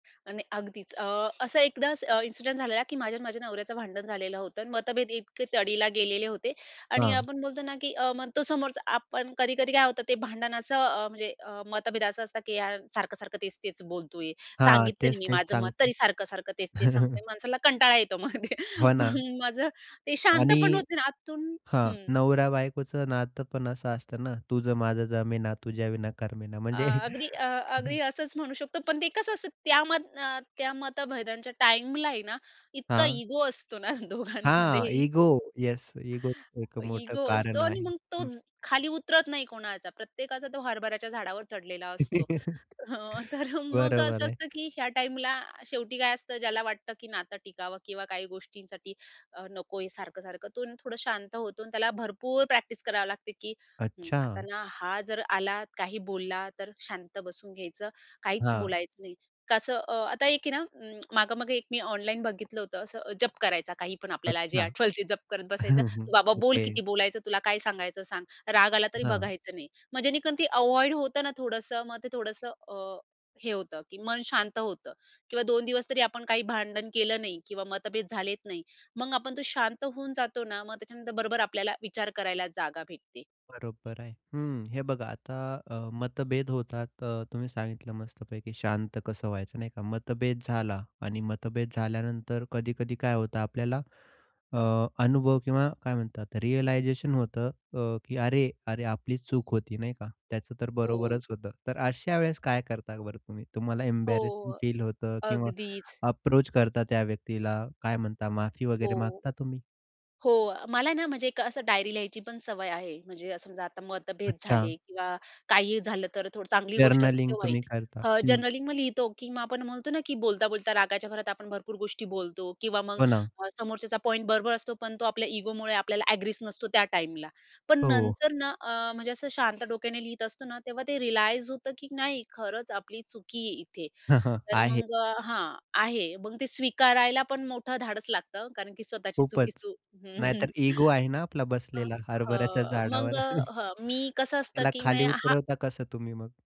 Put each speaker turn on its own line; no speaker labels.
आणि अगदीच. अ, असं एकदास अ, इन्सिडेंट झालेला, की माझ्या आणि माझ्या नवऱ्याचं भांडण झालेलं होतं आणि मतभेद इतके तडीला गेलेले होते आणि
हां.
आपण बोलतो ना की अ, मग तो समोरच आपण. कधी-कधी काय होतं ते भांडण असं अ, म्हणजे अ, मतभेद असं असतं की यार सारखं-सारखं, तेच-तेच बोलतो आहे.
हां,
सांगितलं नाही
तेच,
मी
तेच
माझं मत.
सांगतो.
तरी सारखं-सारखं, तेच-तेच सांगतोय. माणसाला कंटाळा येतो मग.
हो ना.
मग माझं ते
आणि
शांतपण होते ना आतून
हां.
हं.
नवरा-बायकोचं नातं पण असं असतं ना, तुझं माझं जमेना, तुझ्याविना करमेना.
अ,
म्हणजे
अगदी अ, अगदी असंच म्हणू शकतो. पण ते कसं असतं त्या मत अ, त्या मतभेदांच्या टाईमला आहे ना, इतका
हां.
इगो असतो ना
हां,
दोघांमध्येही.
इगो. येस इगो एक मोठं
इगो असतो
कारण
आणि
आहे
मग तो
हं.
खाली उतरत नाही कोणाचा. प्रत्येकाचा तो हरभऱ्याच्या झाडावर चढलेला असतो. हं, तर मग
बरोबर
असं
आहे.
असतं की ह्या टाईमला शेवटी काय असतं ज्याला वाटतं, की नातं टिकावं किंवा काही गोष्टींसाठी अ, नको हे सारखं-सारखं. तो थोडं शांत होतो अन् त्याला भरपूर प्रॅक्टिस करावी लागते, की हं, आता
अच्छा.
ना हा जर आला, काही बोलला तर शांत बसून घ्यायचं. काहीच
हां.
बोलायचं नाही. कसं अ, आता एक आहे ना अ, मागं-मागे एक मी ऑनलाईन बघितलं होतं. असं जप करायचा, काहीपण आपल्याला जे
अच्छा!
आठवल ती जप करत बसायचं.
हं, हं.
बाबा बोल
ओके.
किती बोलायचं तुला, काय सांगायचं सांग. राग आला तरी
हां.
बघायचं नाही. मग जेणेकरून ते अव्हॉइड होतं ना थोडंसं. मग ते थोडंसं अ, हे होतं की मन शांत होतं किंवा 2 दिवसतरी आपण काही भांडण केलं नाही किंवा मतभेद झालेत नाही. मग आपण तो शांत होऊन जातो ना. मग त्याच्यानंतर बरोबर आपल्याला विचार करायला जागा भेटते.
बरोबर आहे. हं, हे बघा आता अ, मतभेद होतात अ, तुम्ही सांगितलं मस्तपैकी शांत कसं व्हायचं नाही का. मतभेद झाला आणि मतभेद झाल्यानंतर कधी-कधी काय होतं आपल्याला अ, अनुभव किंवा काय म्हणतात रिअलायझेशन होतं अ, की अरे! अरे आपली चूक होती नाही का? त्याचं तर
हो.
बरोबरच होतं. तर अशा वेळेस काय करता बरं तुम्ही? तुम्हाला एम्बॅरसिंग
हो,
फील होतं किंवा
अगदीच.
अप्रोच करता त्या व्यक्तीला. काय म्हणता माफी वगैरे
हो,
मागता तुम्ही?
हो अ, मला आहे ना म्हणजे एक असं डायरी लिहायची पण सवय आहे. म्हणजे अ, समजा आता मतभेद
अच्छा.
झाले किंवा काही झालं तर थोडी चांगली गोष्ट असते
जर्नलिंग
किंवा
तुम्ही
वाईट.
करता
अ,
हं.
जनरली मग लिहितो की आपण म्हणतो ना की बोलता-बोलता रागाच्या भरात आपण भरपूर गोष्टी बोलतो किंवा मग
हो ना.
अ, समोरच्याचा पॉइंट बरोबर असतो. पण तो आपल्या इगोमुळे आपल्याला अग्रीच नसतो त्या टाईमला. पण
हो.
नंतर ना अ, म्हणजे असं शांत डोक्याने लिहीत असतो ना, तेव्हा ते रिअलाइज होतं, की नाही खरंच आपली चुकी आहे इथे. तर
आहे.
मग अ हां, आहे. मग ते स्वीकारायला पण मोठं धाडस लागतं कारण की स्वतःची
खूपच.
चुकीचं हं.
नाहीतर इगो आहे ना आपला
अ,
बसलेला, हरभऱ्याच्या
अ, मग
झाडावर.
अ, हं मी कसं असतं
त्याला
की मे
खाली
हां
उतरवता कसं तुम्ही मग?